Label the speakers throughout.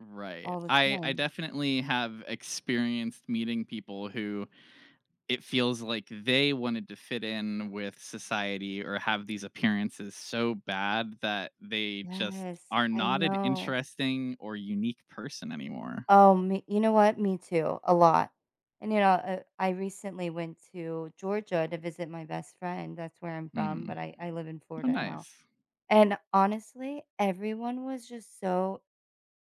Speaker 1: Right,
Speaker 2: All the
Speaker 1: I I
Speaker 2: time.
Speaker 1: definitely have experienced meeting people who it feels like they wanted to fit in with society, or have these appearances so bad that they just
Speaker 2: Yes,
Speaker 1: are
Speaker 2: I
Speaker 1: not an
Speaker 2: know.
Speaker 1: interesting, or unique person anymore.
Speaker 2: Oh, me you know what? Me too, a lot. And, you know, uh, I recently went to Georgia to visit my best friend, that's where I'm from,
Speaker 1: Mhm.
Speaker 2: but I I live in
Speaker 1: Oh
Speaker 2: Florida now,
Speaker 1: nice.
Speaker 2: and honestly, everyone was just so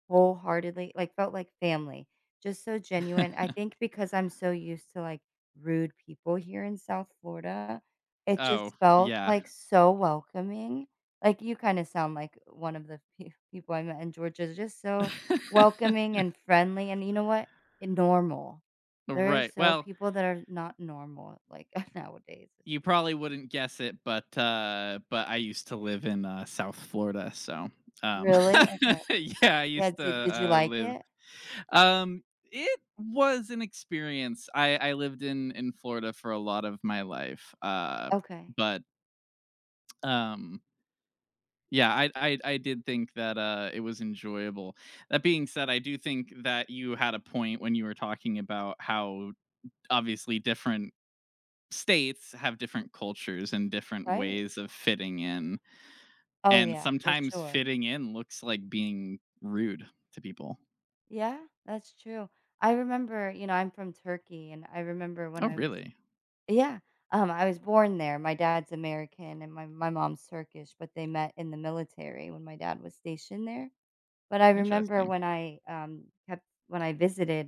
Speaker 2: wholeheartedly, like, felt like family, just so genuine, I think because I'm so used to, like, rude people here in South Florida, it
Speaker 1: Oh,
Speaker 2: just felt,
Speaker 1: yeah.
Speaker 2: like, so welcoming, like, you kinda sound like one of the pe people I met in Georgia, they're just so welcoming and friendly, and you know what? And normal. There are
Speaker 1: Right,
Speaker 2: so
Speaker 1: well
Speaker 2: people that are not normal, like, nowadays, it's
Speaker 1: you
Speaker 2: just
Speaker 1: probably wouldn't guess it, but, uh but I used to live in, uh, South Florida, so, um
Speaker 2: Really? Okay.
Speaker 1: Yeah, I
Speaker 2: Yeah,
Speaker 1: used to,
Speaker 2: did did you
Speaker 1: uh,
Speaker 2: like
Speaker 1: live
Speaker 2: it?
Speaker 1: Um, it was an experience, I I lived in in Florida for a lot of my life, uh,
Speaker 2: Okay.
Speaker 1: but um yeah, I I I did think that, uh, it was enjoyable. That being said, I do think that you had a point when you were talking about how d obviously different states have different cultures and different
Speaker 2: Right.
Speaker 1: ways of fitting in.
Speaker 2: Oh
Speaker 1: And
Speaker 2: yeah, for
Speaker 1: sometimes
Speaker 2: sure.
Speaker 1: fitting in looks like being rude to people.
Speaker 2: Yeah, that's true. I remember, you know, I'm from Turkey and I remember when
Speaker 1: Oh,
Speaker 2: I was
Speaker 1: really?
Speaker 2: Yeah, um, I was born there, my dad's American and my my mom's Turkish, but they met in the military when my dad was stationed there, but I remember
Speaker 1: Interesting.
Speaker 2: when I, um, ha when I visited.